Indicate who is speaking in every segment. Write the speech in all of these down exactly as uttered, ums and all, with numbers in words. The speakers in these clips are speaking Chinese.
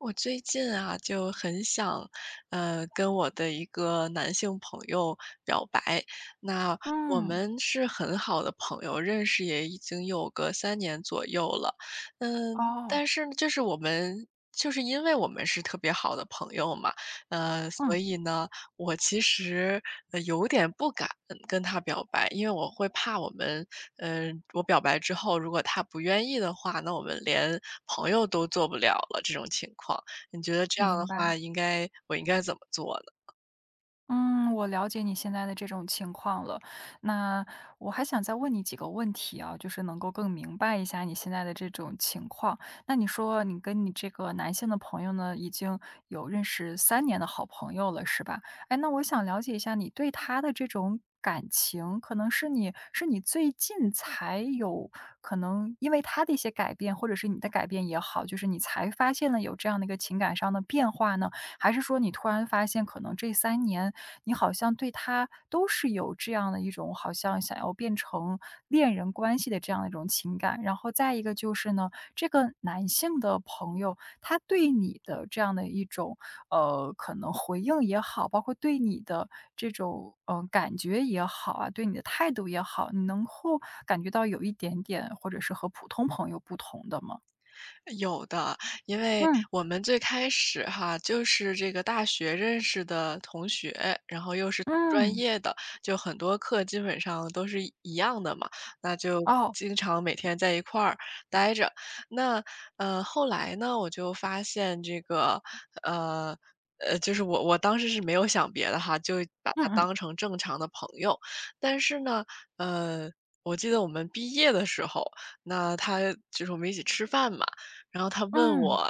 Speaker 1: 我最近啊，就很想，呃，跟我的一个男性朋友表白。那我
Speaker 2: 嗯。
Speaker 1: 们是很好的朋友，认识也已经有个三年左右了。嗯，但
Speaker 2: 哦。
Speaker 1: 是就是我们就是因为我们是特别好的朋友嘛，呃，所
Speaker 2: 嗯。
Speaker 1: 以呢，我其实，呃，有点不敢跟跟他表白，因为我会怕我们呃，我表白之后，如果他不愿意的话，那我们连朋友都做不了了这种情况。你觉得这样
Speaker 2: 明
Speaker 1: 的话，
Speaker 2: 白。
Speaker 1: 应该我应该怎么做呢？
Speaker 2: 嗯，我了解你现在的这种情况了。那，我还想再问你几个问题啊，就是能够更明白一下你现在的这种情况。那你说你跟你这个男性的朋友呢，已经有认识三年的好朋友了，是吧？诶，那我想了解一下你对他的这种感情，可能是你是你最近才有可能因为他的一些改变，或者是你的改变也好，就是你才发现了有这样的一个情感上的变化呢？还是说你突然发现可能这三年你好像对他都是有这样的一种好像想要变成，恋人关系的这样的一种情感。然后再一个就是呢，这个男性的朋友，他对你的这样的一种，呃，可能回应也好，包括对你的这种，呃，感觉也好啊，对你的态度也好，你能够感觉到有一点点或者是和普通朋友不同的吗？
Speaker 1: 有的，因为
Speaker 2: 嗯。
Speaker 1: 我们最开始哈，就是这个大学认识的同学，然后又是专
Speaker 2: 嗯。
Speaker 1: 业的，就很多课基本上都是一一样的嘛，那就
Speaker 2: 哦。
Speaker 1: 经常每天在一块儿待着。那，呃，后来呢我就发现这个，呃，呃，就是我我当时是没有想别的哈，就把他
Speaker 2: 嗯嗯。
Speaker 1: 当成正常的朋友。但是呢，呃，我记得我们毕业的时候，那他，就是我们一起吃饭嘛，然后他问
Speaker 2: 嗯。
Speaker 1: 我，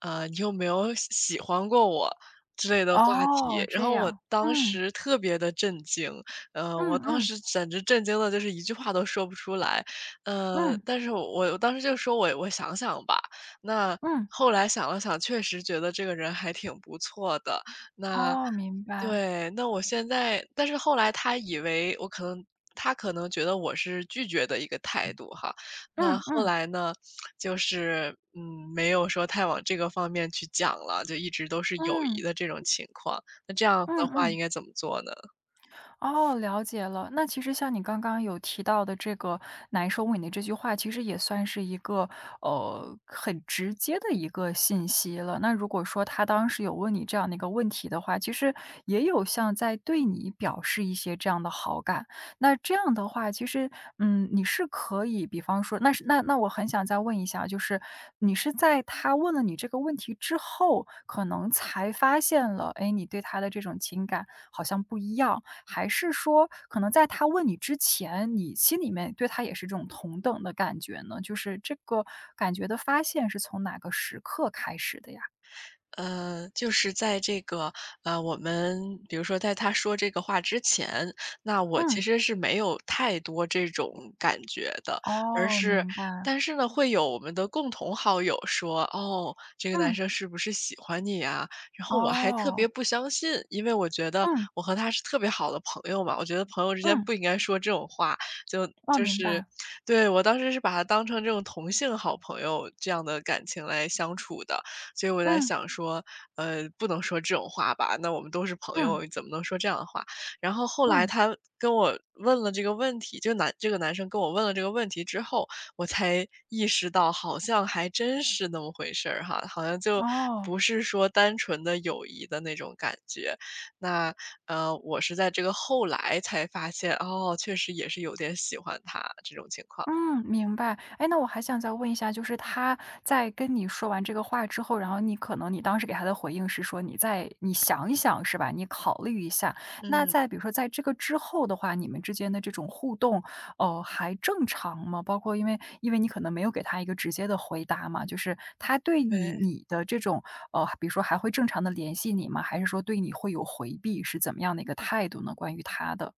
Speaker 1: 呃，你有没有喜喜欢过我，之类的话
Speaker 2: 哦，
Speaker 1: 题。然
Speaker 2: 这
Speaker 1: 后我
Speaker 2: 样，
Speaker 1: 当
Speaker 2: 嗯。
Speaker 1: 时特别的震惊，呃，我
Speaker 2: 嗯
Speaker 1: 当
Speaker 2: 嗯。
Speaker 1: 时简直震惊得就是一句话都说不出来。呃，
Speaker 2: 嗯。
Speaker 1: 但是我当时就说：“我我想想吧。”那，
Speaker 2: 嗯。
Speaker 1: 后来想了想确实觉得这个人还挺不错的，那
Speaker 2: 哦，明白。
Speaker 1: 对，那我现在但是后来他以为我可能他可能觉得我是拒绝的一个态度哈。那
Speaker 2: 嗯
Speaker 1: 后
Speaker 2: 嗯。
Speaker 1: 来呢，就是，嗯，没有说太往这个方面去讲了，就一直都是友谊
Speaker 2: 嗯。
Speaker 1: 的这种情况。那这样的
Speaker 2: 嗯
Speaker 1: 话
Speaker 2: 嗯。
Speaker 1: 应该怎么做呢？
Speaker 2: 哦，了解了。那其实像你刚刚有提到的这个难收尾的这句话，其实也算是一个，呃，很直接的一个信息了。那如果说他当时有问你这样的一个问题的话，其实也有像在对你表示一些这样的好感。那这样的话，其实，嗯，你是可以比方说那是那那我很想再问一下，就是，你是在他问了你这个问题之后，可能才发现了，诶，你对他的这种情感好像不一样。还是说，可能在他问你之前，你心里面对他也是这种同等的感觉呢？就是这个感觉的发现是从哪个时刻开始的呀？
Speaker 1: 呃，就是在这个，呃，我们比如说在他说这个话之前，那我其
Speaker 2: 嗯。
Speaker 1: 实是没有太多这种感觉的。而
Speaker 2: 哦，
Speaker 1: 是
Speaker 2: 明白。
Speaker 1: 但是呢，会有我们的共同好友说：“哦！这个男
Speaker 2: 嗯。
Speaker 1: 生是不是喜欢你呀？”然后我还特别
Speaker 2: 哦。
Speaker 1: 不相信，因为我觉得
Speaker 2: 嗯。
Speaker 1: 我和他是特别好的朋友嘛。我觉得朋友之间
Speaker 2: 嗯。
Speaker 1: 不应该说这种话，就
Speaker 2: 哦，
Speaker 1: 就
Speaker 2: 明
Speaker 1: 是
Speaker 2: 白。
Speaker 1: 对，我当时是把他当成这种同性好朋友，这样的感情来相处的。所以我在
Speaker 2: 嗯。
Speaker 1: 想说，呃，不能说这种话吧，那我们都是朋
Speaker 2: 嗯。
Speaker 1: 友，怎么能说这样的话？然后后来
Speaker 2: 嗯。
Speaker 1: 他跟我问了这个问题，这男这个男生跟我问了这个问题之后，我才意识到，好像还真是那么回事儿哈，好像就
Speaker 2: 哦。
Speaker 1: 不是说单纯的友谊的那种感觉。那，呃，我是在这个后来才发现，哦！确实也是有点喜欢他，这种情况。
Speaker 2: 嗯，明白。诶，那我还想再问一下，就是他在跟你说完这个话之后，然后你可能你当时给他的回应是说你再你想一想是吧？你考虑一下。那
Speaker 1: 嗯。
Speaker 2: 在比如说在这个之后的话，你们之间的这种互动，哦，还正常吗？包括因为因为你可能没有给他一个直接的回答嘛，就是他对你
Speaker 1: 对。
Speaker 2: 你的这种，呃比如说还会正常地联系你吗？还是说对你会有回避，是怎么样的一个态度呢？关于他的。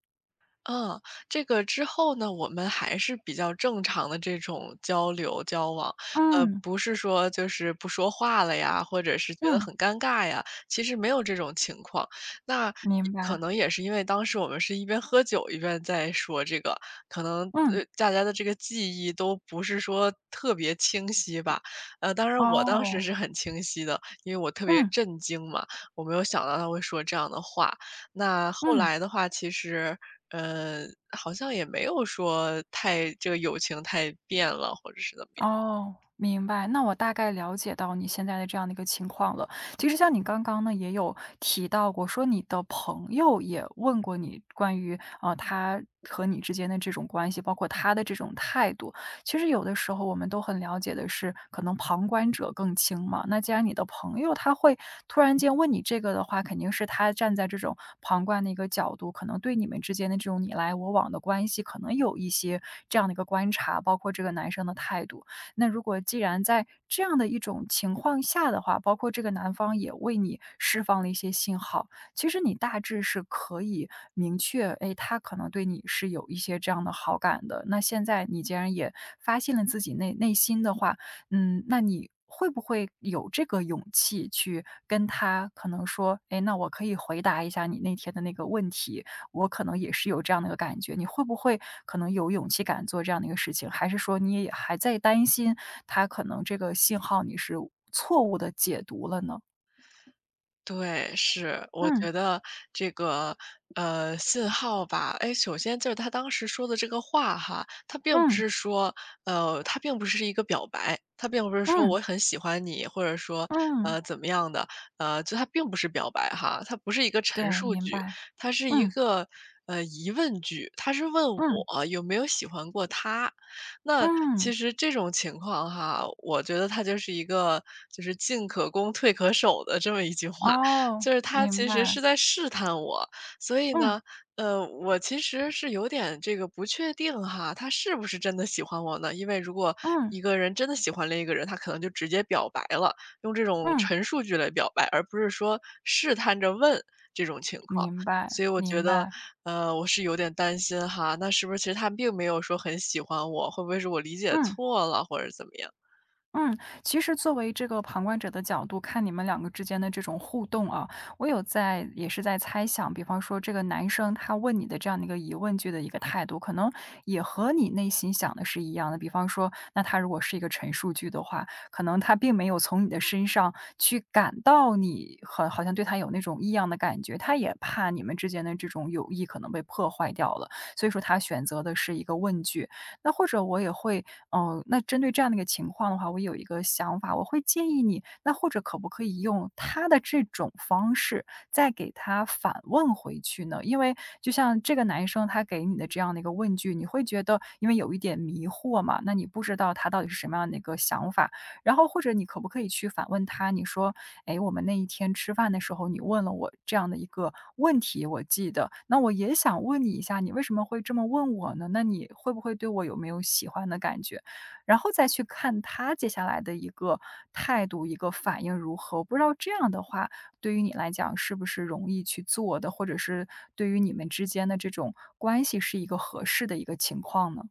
Speaker 1: 嗯，这个之后呢，我们还是比较正常地这种交流、交往。呃，
Speaker 2: 嗯。
Speaker 1: 不是说就是不说话了呀，或者是觉得
Speaker 2: 嗯。
Speaker 1: 很尴尬呀，其实没有这种情况。那也
Speaker 2: 明
Speaker 1: 可
Speaker 2: 白。
Speaker 1: 能也是因为当时我们是一边喝酒一边在说这个，可能，
Speaker 2: 嗯。
Speaker 1: 呃，大家的这个记忆都不是说特别清晰吧。呃，当然我当时
Speaker 2: 哦。
Speaker 1: 是很清晰的，因为我特别
Speaker 2: 嗯。
Speaker 1: 震惊嘛，我没有想到他会说这样的话。那后
Speaker 2: 嗯。
Speaker 1: 来的话，其实，嗯，好像也没有说太这个友情太变了，或者是怎么样。
Speaker 2: 哦，明白，那我大概了解到你现在的这样的一个情况了。其实像你刚刚呢也有提到过，说你的朋友也问过你关于，呃，他和你之间的这种关系，包括他的这种态度。其实有的时候我们都很了解的是，可能旁观者更清嘛。那既然你的朋友他会突然间问你这个的话，肯定会是他站在这种旁观的一个角度，可能对你们之间的这种你来我往的关系可能有一些这样的一个观察，包括这个男生的态度。那如果既然在这样的一种情况下的话，包括这个男方也为你释放了一些信号，其实你大致是可以明确，诶，他可能对你是有一些这样的好感的。那现在你既然也发现了自己内内心的话，嗯，那你会不会有这个勇气去跟他可能说，哎，那我可以回答一下你那天的那个问题，我可能也是有这样的一个感觉。你会不会可能有勇气敢做这样的一个事情，还是说你也也还在担心他可能这个信号你是误错误地解读了呢？
Speaker 1: 对，是，我
Speaker 2: 嗯。
Speaker 1: 觉得这个，呃，信号吧，哎，首先就是他当时说的这个话哈，他并不
Speaker 2: 嗯。
Speaker 1: 是说呃，他并不是一个表白，他并不是说
Speaker 2: 嗯。
Speaker 1: “我很喜欢你”，或者说，
Speaker 2: 嗯。
Speaker 1: 呃，怎么样的，呃，就他并不是表白哈。它不是一个
Speaker 2: 对，
Speaker 1: 陈述
Speaker 2: 明
Speaker 1: 句，
Speaker 2: 白。
Speaker 1: 它是一
Speaker 2: 嗯。
Speaker 1: 个，呃，疑问句，他是问
Speaker 2: 嗯。
Speaker 1: 我有没有喜欢过他。那
Speaker 2: 嗯。
Speaker 1: 其实这种情况哈，我觉得他就是一个就是进可攻退可守的这么一句话，
Speaker 2: 哦，
Speaker 1: 就是他
Speaker 2: 明
Speaker 1: 其实
Speaker 2: 白。
Speaker 1: 是在试探我。所以
Speaker 2: 嗯。
Speaker 1: 呢，呃，我其实是有点这个不确定哈，他是不是真的喜欢我呢。因为如果
Speaker 2: 嗯。
Speaker 1: 一个人真的喜欢另一个人，他可能就直接表白了，用这种
Speaker 2: 嗯。
Speaker 1: 陈述句来表白，而不是说试探着问，这种情况。
Speaker 2: 明白，
Speaker 1: 所以我觉
Speaker 2: 明
Speaker 1: 得，
Speaker 2: 白。
Speaker 1: 呃，我是有点担心哈，那是不是其实他并没有说很喜欢我，会不会是我理解
Speaker 2: 嗯。
Speaker 1: 错了或者怎么样。
Speaker 2: 嗯，其实作为这个旁观者的角度，看你们两个之间的这种互动啊，我有在也是在猜想，比方说这个男生，他问你的这样的一个疑问句的一个态度，可能也和你内心想的是一样的。比方说，那他如果是一个陈述句的话，可能他并没有从你的身上去感到你好好像对他有那种异样的感觉，他也怕你们之间的这种友谊可能被破坏掉了，所以说他选择的是一个问句。那或者我也会嗯，那针对这样的一个情况的话，我有一个想法，我会建议你，那或者可不可以用他的这种方式，再给他反问回去呢？因为就像这个男生他给你的这样的一个问句，你会觉得因为有一点迷惑嘛，那你不知道他到底是什么样的一个想法。然后或者你可不可以去反问他，你说，哎，我们那一天吃饭的时候，你问了我这样的一个问题，我记得。那我也想问你一下，你为什么会这么问我呢？那你会不会对我有没有喜欢的感觉？然后再去看他接下来的一个态度，一个反应如何。我不知道这样的话，对于你来讲是不是容易去做的，或者是对于你们之间的这种关系是一个合适的一个情况呢？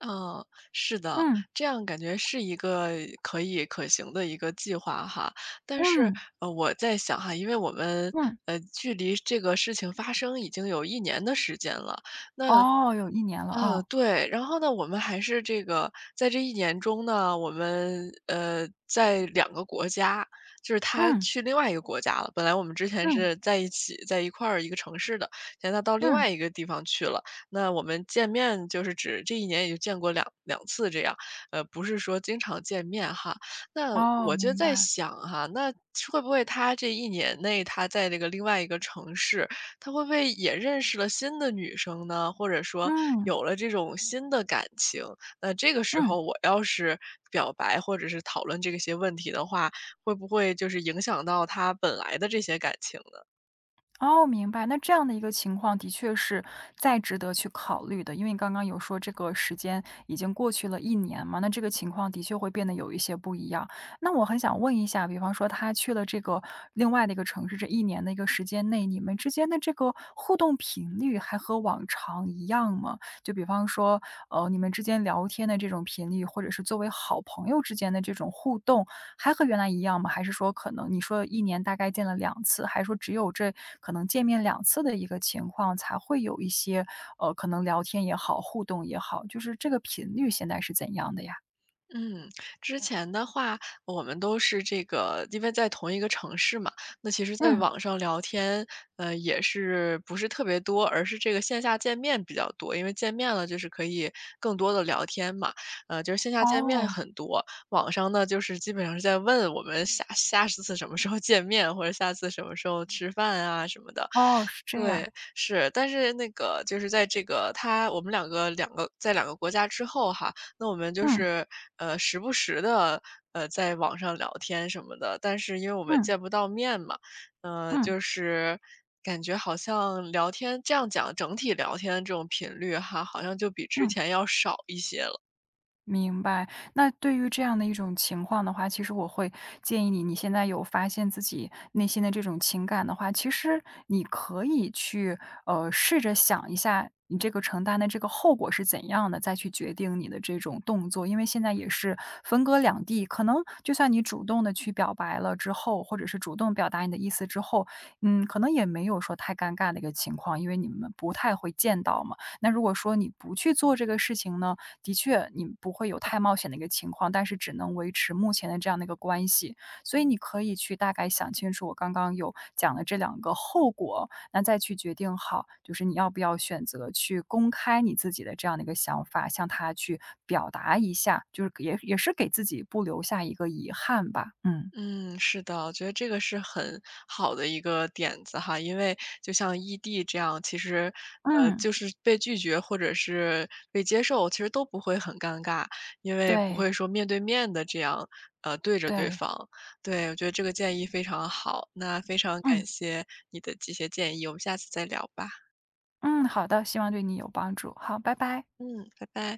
Speaker 1: 啊，是的，
Speaker 2: 嗯。
Speaker 1: 这样感觉是一个可以可行的一个计划哈。但是，
Speaker 2: 嗯。
Speaker 1: 嗯，我在想哈，因为我们，
Speaker 2: 嗯。
Speaker 1: 呃，距离这个事情发生已经有一年的时间了。那
Speaker 2: 哦，有一年了，
Speaker 1: 嗯，
Speaker 2: 啊。
Speaker 1: 对，然后呢，我们还是这个在这一年中呢，我们，呃，在两个国家，就是他
Speaker 2: 嗯。
Speaker 1: 去另外一个国家了。本来我们之前
Speaker 2: 嗯。
Speaker 1: 是在一起在一块儿一个城市的，现在到另
Speaker 2: 嗯。
Speaker 1: 外一个地方去了。那我们见面就是只这一年也就见过两两次这样，嗯，不是说经常见面哈。那
Speaker 2: 哦，
Speaker 1: 我就
Speaker 2: 明
Speaker 1: 在
Speaker 2: 白。
Speaker 1: 想哈，那会不会他这一年内，他在这个另外一个城市，他会不会也认识了新的女生呢？或者说，
Speaker 2: 嗯。
Speaker 1: 有了这种新的感情，那这个时
Speaker 2: 嗯。
Speaker 1: 候我要是表白或者是讨论这个些问题的话，会不会就是影响到他本来的这些感情呢？
Speaker 2: 哦，明白。那这样的一个情况的确是再值得去考虑的，因为刚刚有说这个时间已经过去了一年嘛，那这个情况的确会变得有一些不一样。那我很想问一下，比方说他去了这个另外的一个城市，这一年的时间内，你们之间的这个互动频率还和往常一样吗？就比方说，呃，你们之间聊天的这种频率，或者是作为好朋友之间的这种互动，还和原来一样吗？还是说可能你说一年大概见了两次，还是说只有这可能见面两次的一个情况，才会有一些，呃，可能聊天也好，互动也好，就是这个频率现在是怎样的呀？
Speaker 1: 嗯，之前的话我们都是这个因为在同一个城市嘛，那其实在
Speaker 2: 嗯。
Speaker 1: 网上聊天，呃，也是不是特别多，而是这个线下见面比较多，因为见面了就是可以更多地聊天嘛。呃，就是线下见面
Speaker 2: 哦。
Speaker 1: 很多，网上呢，就是基本上是在问我们下下次什么时候见面，或者下次什么时候吃饭啊，什么的。
Speaker 2: 哦，是这样。
Speaker 1: 对，是，但是那个就是在这个他我们两个两个在两个国家之后哈，那我们就
Speaker 2: 嗯。
Speaker 1: 是，呃，时不时地，呃，在网上聊天什么的，但是因为我们
Speaker 2: 嗯。
Speaker 1: 见不到面嘛。嗯，
Speaker 2: 嗯。
Speaker 1: 就是感觉好像聊天，这样讲，整体聊天这种频率哈，好像就比之
Speaker 2: 嗯。
Speaker 1: 前要少一些了。
Speaker 2: 明白，那对于这样的一种情况的话，其实我会建议你，你现在有发现自己内心的这种情感的话，其实你可以去，呃，试着想一下你这个承担的这个后果是怎样的，再去决定你的这种动作，因为现在也是分隔两地，可能就算你主动的去表白了之后，或者是主动表达你的意思之后，嗯，可能也没有说太尴尬的一个情况。因为你们不太会见到嘛，那如果说你不去做这个事情呢？的确你不会有太冒险的一个情况，但是只能维持目前的这样的一个关系，所以你可以去大概想清楚我刚刚有讲的这两个后果，那再去决定好，就是你要不要选择去公开你自己的这样的一个想法，向他去表达一下，就是也也是给自己不留下一个遗憾吧，嗯。
Speaker 1: 嗯，是的，我觉得这个是很好的一个点子哈，因为就像异地这样，其实，呃，
Speaker 2: 嗯。
Speaker 1: 就是被拒绝或者是被接受，其实都不会很尴尬，因为不
Speaker 2: 对。
Speaker 1: 会说面对面地这样，啊，对着对
Speaker 2: 对。
Speaker 1: 方，对，我觉得这个建议非常好。那非常
Speaker 2: 嗯。
Speaker 1: 感谢你的这些建议，我们下次再聊吧。
Speaker 2: 嗯，好的，希望对你有帮助，好，拜拜。
Speaker 1: 嗯，拜拜。